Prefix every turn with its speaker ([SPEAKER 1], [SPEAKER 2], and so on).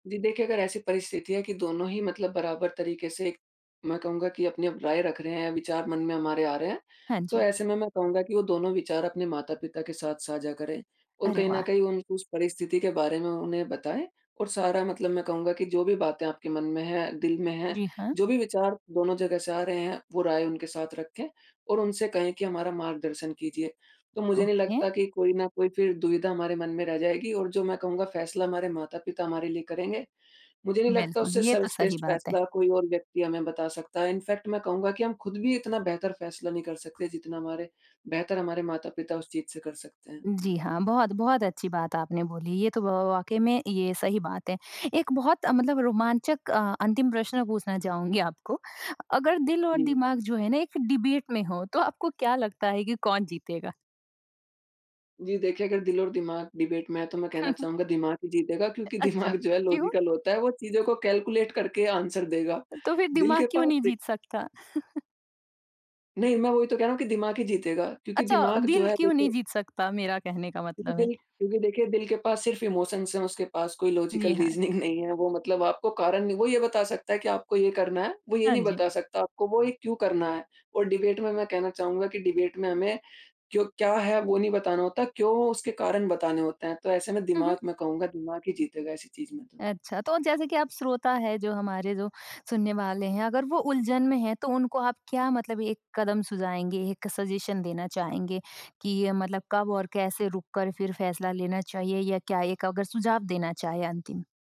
[SPEAKER 1] जी देखिए, अगर ऐसी परिस्थिति है कि दोनों ही मतलब बराबर तरीके से एक मैं कहूँगा कि अपनी अब राय रख रहे है, विचार मन में हमारे आ रहे हैं।
[SPEAKER 2] हाँ
[SPEAKER 1] तो
[SPEAKER 2] जी।
[SPEAKER 1] ऐसे में मैं कहूँगा कि वो दोनों विचार अपने माता-पिता के साथ साझा करें और
[SPEAKER 2] अरे
[SPEAKER 1] कहीं न
[SPEAKER 2] वाह!
[SPEAKER 1] कहीं उनको उस परिस्थिति के बारे में, उन्हें बताएँ और सारा मतलब मैं कहूँगा कि जो भी बातें आपके मन में हैं, दिल में हैं,
[SPEAKER 2] जी हाँ।
[SPEAKER 1] जो भी विचार दोनों जगह से आ रहे हैं वो राय उनके साथ रखें और उनसे कहें कि हमारा मार्गदर्शन कीजिए। तो मुझे नहीं
[SPEAKER 2] ओके।
[SPEAKER 1] लगता कि कोई ना कोई फिर दुविधा हमारे मन में रह जाएगी और जो मैं कहूँगा फ़ैसला हमारे माता-पिता हमारे लिए करेंगे, मुझे नहीं लगता
[SPEAKER 2] बिल्कुल,
[SPEAKER 1] उससे
[SPEAKER 2] ये तो सही
[SPEAKER 1] सर्वश्रेष्ठ
[SPEAKER 2] बात है।
[SPEAKER 1] फ़ैसला कोई और व्यक्ति हमें बता सकता है। इन फ़ैक्ट मैं कहूँगा कि हम खुद भी इतना बेहतर फ़ैसला नहीं कर सकते जितना हमारे बेहतर हमारे माता-पिता उस चीज़ से कर सकते हैं।
[SPEAKER 2] जी हाँ। बहुत, बहुत अच्छी बात आपने बोली। ये तो व व व वाक़ई में ये सही बात है। एक बहुत, अ, मतलब, रोमांचक अ अंतिम प्रश्न पूछना चाहूँगी आपको। अगर दिल और
[SPEAKER 1] जी।
[SPEAKER 2] दिमाग जो है ना एक डिबेट में हो तो आपको क्या लगता है कि कौन जीतेगा?
[SPEAKER 1] जी देखिए, अगर दिल और दिमाग डिबेट में हैं, तो मैं कहना चाहूँगा दिमाग ही जीतेगा क्योंकि
[SPEAKER 2] अच्छा
[SPEAKER 1] दिमाग, जो है,
[SPEAKER 2] क्यों?
[SPEAKER 1] लॉजिकल होता है। वो चीज़ों को कैलकुलेट करके आन्सर देगा।
[SPEAKER 2] तो फिर
[SPEAKER 1] दिल के
[SPEAKER 2] दिमाग क्यों
[SPEAKER 1] पास
[SPEAKER 2] नहीं
[SPEAKER 1] दे
[SPEAKER 2] जीत सकता?
[SPEAKER 1] नहीं मैं वो ही तो कह रहा हूँ कि दिमाग ही जीतेगा क्योंकि
[SPEAKER 2] अच्छा,
[SPEAKER 1] दिमाग जो
[SPEAKER 2] दिल
[SPEAKER 1] है
[SPEAKER 2] क्यों नहीं
[SPEAKER 1] देखिए
[SPEAKER 2] जीत सकता? मेरा कहने का
[SPEAKER 1] क्योंकि
[SPEAKER 2] मतलब है।
[SPEAKER 1] दिल क्योंकि देखिए दिल के पास सिर्फ़ इमोशंस है उसके पास कोई लॉजिकल
[SPEAKER 2] जी हाँ।
[SPEAKER 1] रीज़निंग नहीं है, वो मतलब आपको कारण नहीं वो ये बता सकता है कि आपको ये करना है, वो ये
[SPEAKER 2] हाँ
[SPEAKER 1] नहीं
[SPEAKER 2] जी।
[SPEAKER 1] बता सकता आपको, वो ये क्यों करना है? और डिबेट में, मैं कहना चाहूँगा कि डिबेट में हमें क्यों क्या है वो नहीं बताना होता, क्यों हो उसके कारण बताने होते हैं। तो ऐसे मैं
[SPEAKER 2] हुँ, हुँ।
[SPEAKER 1] दिमाग में कहूँगा दिमाग ही जीतेगा ऐसी चीज़ में तो।
[SPEAKER 2] अच्छा। तो जैसे कि आप श्रोता हैं, जो हमारे जो सुनने वाले हैं अगर वो उलझन में हैं, तो उनको आप क्या मतलब एक कदम सुझाएँगे, एक सजेशन देना चाहेंगे कि ये मतलब कब और कैसे रुक कर फिर फ़ैसला लेना चाहिए या क्या एक अगर सुझाव देना चाहे अंतिम?